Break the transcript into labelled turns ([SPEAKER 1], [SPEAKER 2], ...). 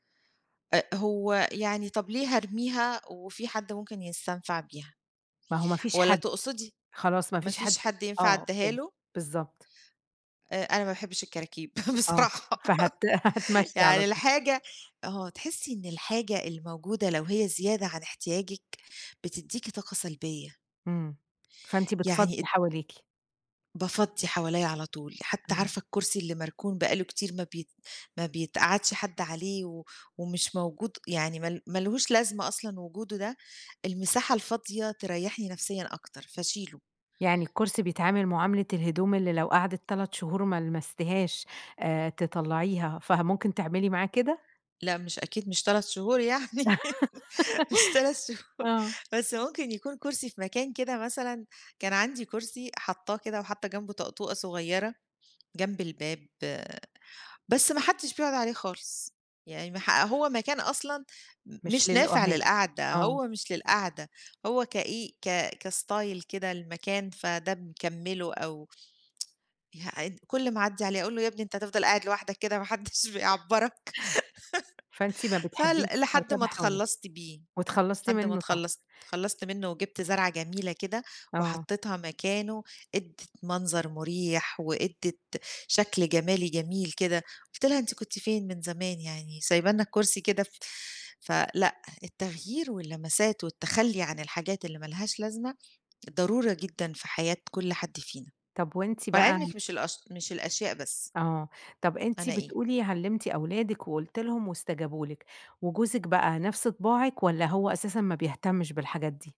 [SPEAKER 1] أ هو يعني طَب ليه هارميها وفي حد ممكن يستنفع بيها؟
[SPEAKER 2] ما هو مفيش
[SPEAKER 1] والّا
[SPEAKER 2] حد.
[SPEAKER 1] تقصدي
[SPEAKER 2] خلاص مفيش حد.
[SPEAKER 1] مفيش حد ينفع
[SPEAKER 2] آه
[SPEAKER 1] أديها
[SPEAKER 2] [unintelligible]
[SPEAKER 1] له؟
[SPEAKER 2] بالضبط.
[SPEAKER 1] آآ أنا ما باحبش الكراكيب
[SPEAKER 2] آه،
[SPEAKER 1] بصراحة.
[SPEAKER 2] فهت هتمَشي على
[SPEAKER 1] يعني
[SPEAKER 2] طول.
[SPEAKER 1] الحاجة آه تحسي إن الحاجة الموجودة لو هي زيادة عن إحتياجِك بتديكِ طاقة سلبية.
[SPEAKER 2] إمم، فأنتِ بتفضّي
[SPEAKER 1] يعني ال
[SPEAKER 2] حواليكِ.
[SPEAKER 1] بافضّي حواليَّ على طول. حتى
[SPEAKER 2] إمم.
[SPEAKER 1] عارفة الكرسي اللي مركون بَقى له كتير ما بي ما بيتقَعدش حد عليه و، ومش موجود، يعني مال مالهوش لازمة أصلًا وجوده ده. المساحة الفاضية تريحني نَفْسيًا أكتر، فاشيله.
[SPEAKER 2] يعني الكرسي بيتعامل معاملة الهدوم اللي لو قَعدِت 3 شهور ما لمستهاش، آآ تطلعيها، فممكن تعملي معاه كده؟
[SPEAKER 1] لأ، مش أكيد مش 3 شهور يعني مش 3 شهور،
[SPEAKER 2] آه.
[SPEAKER 1] بس ممكن يكون كرسي في مكان كده مثلًا، كان عندي كرسي حاطاه كده، وحاطة جنبه طقطوقة صغيرة جنب الباب، بس ما حدش بيقعد عليه خالص. يعني ما ح هو مكان أصلًا م
[SPEAKER 2] مش
[SPEAKER 1] مش نافع
[SPEAKER 2] للقعاد
[SPEAKER 1] للقَعدة،
[SPEAKER 2] آه.
[SPEAKER 1] هو مش للقعدة، هو كإيه؟ ك كstyle كده للمكان، فده مِكَمِّله أو ح إ كُل ما أعدي عليه أقول له يا ابني أنت هتفضل قاعد لوحدك كده ما حدش بيعبَّرك؟
[SPEAKER 2] فإنتِ ما
[SPEAKER 1] فل
[SPEAKER 2] بتحبيش
[SPEAKER 1] لحد ما
[SPEAKER 2] الكركبة حواليكِ،
[SPEAKER 1] إتخلّصت بيه،
[SPEAKER 2] وإتخلصتِ
[SPEAKER 1] لحد ما
[SPEAKER 2] منه ط
[SPEAKER 1] إتخلّصت، إتخلّصت منه وجبت زرعة جميلة كده،
[SPEAKER 2] آه.
[SPEAKER 1] وحطيتها مكانه، إدِّت منظر مريح، وإدِّت شكل جمالي جميل كده. قُلت لها أنتِ كُنتِ فين من زمان يعني؟ سايبة لنا الكرسي كده ف فلأ، التغيير واللمسات والتخلّي عن الحاجات اللي مالهاش لازمة ضرورة جدًا في حياة كل حد فينا.
[SPEAKER 2] طَب وأنتِ
[SPEAKER 1] مع
[SPEAKER 2] بقى
[SPEAKER 1] إنِك مش الأش مش الأشياء بس.
[SPEAKER 2] آه طَب أنتِ
[SPEAKER 1] أنا إيه؟
[SPEAKER 2] بتقولي علمتِ أولادك وقُلتِ لهم وإستجابوا لِك، وجوزِك بَقى نَفْس طباعِك والّا هو أساسًا ما بيهتمش بالحاجات دي؟